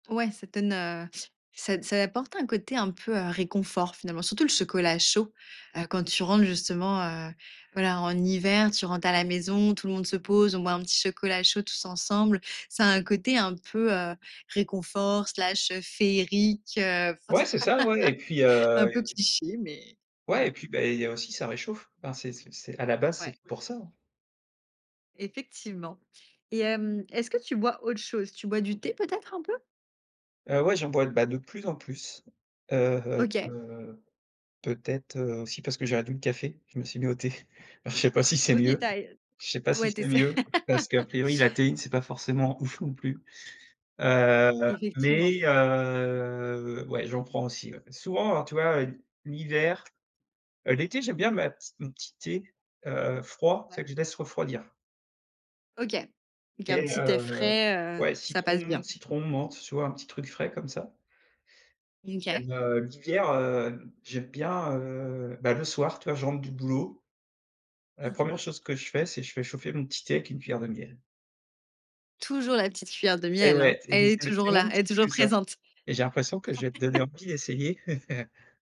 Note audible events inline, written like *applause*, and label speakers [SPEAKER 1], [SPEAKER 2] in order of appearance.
[SPEAKER 1] Ouais ça te donne, heu, ça ça apporte un côté un peu, heu, réconfort finalement. Surtout le chocolat chaud, heu, quand tu rentres justement, heu, voilà, en hiver. Tu rentres à la maison, tout le monde se pose, on boit un petit chocolat chaud tous ensemble. Ça a un côté un peu, heu, réconfort/ féerique heu.
[SPEAKER 2] Ouais c'est ça ouais, et puis,
[SPEAKER 1] *laughs* Un
[SPEAKER 2] heu,
[SPEAKER 1] peu
[SPEAKER 2] et
[SPEAKER 1] cliché, mais
[SPEAKER 2] Ouais et
[SPEAKER 1] bon.
[SPEAKER 2] puis, beh il y a aussi, ça réchauffe, enfin c'est c'est c'est à la base
[SPEAKER 1] Ouais.
[SPEAKER 2] c'est pour ça, hein.
[SPEAKER 1] Effectivement, et hem, est ce que tu bois autre chose? Tu bois du thé peut être un peu?
[SPEAKER 2] Heu, ouais j'en bois, bah de plus en plus, heu
[SPEAKER 1] OK.
[SPEAKER 2] heu, peut-être, heu, aussi parce que j'ai réduit le café, je me suis mis au thé, enfin je sais pas si c'est
[SPEAKER 1] OK, tu
[SPEAKER 2] mieux.
[SPEAKER 1] as, heu,
[SPEAKER 2] Je sais pas
[SPEAKER 1] t
[SPEAKER 2] si
[SPEAKER 1] ouais tu
[SPEAKER 2] c'est
[SPEAKER 1] essaies.
[SPEAKER 2] mieux parce qu'à
[SPEAKER 1] *laughs*
[SPEAKER 2] priori, la théine c'est pas forcément ouf non plus, heu,
[SPEAKER 1] Effectivement.
[SPEAKER 2] mais heu, ouais j'en prends aussi, ouais. P souvent, alors tu vois, heu, l'hiver, heu, l'été j'aime bien ma petit mon petit thé, heu, froid, c'est
[SPEAKER 1] Ouais.
[SPEAKER 2] vrai que je laisse refroidir
[SPEAKER 1] OK, donc un
[SPEAKER 2] et
[SPEAKER 1] petit thé
[SPEAKER 2] heu
[SPEAKER 1] frais, heu,
[SPEAKER 2] ouais
[SPEAKER 1] ça passe
[SPEAKER 2] citron
[SPEAKER 1] bien.
[SPEAKER 2] citron, menthe, tu vois un petit truc frais, comme ça.
[SPEAKER 1] Mmh OK.
[SPEAKER 2] Même, heu, l'hiver, heu, j'aime bien, heu, bah, le soir tu vois je rentre du boulot, la
[SPEAKER 1] *clears throat*
[SPEAKER 2] 1re chose que je fais, c'est je fais chauffer mon petit thé avec une cuillère de miel.
[SPEAKER 1] Toujours la petite cuillère de
[SPEAKER 2] Et
[SPEAKER 1] miel hein?
[SPEAKER 2] ouais et
[SPEAKER 1] Elle
[SPEAKER 2] c'est
[SPEAKER 1] est
[SPEAKER 2] c'est le
[SPEAKER 1] toujours
[SPEAKER 2] petit
[SPEAKER 1] là,
[SPEAKER 2] mon
[SPEAKER 1] elle est
[SPEAKER 2] petit
[SPEAKER 1] toujours
[SPEAKER 2] plus, hein,
[SPEAKER 1] présente.
[SPEAKER 2] et j'ai l'impression que je vais te donner
[SPEAKER 1] *laughs*
[SPEAKER 2] envie d'essayer. *laughs*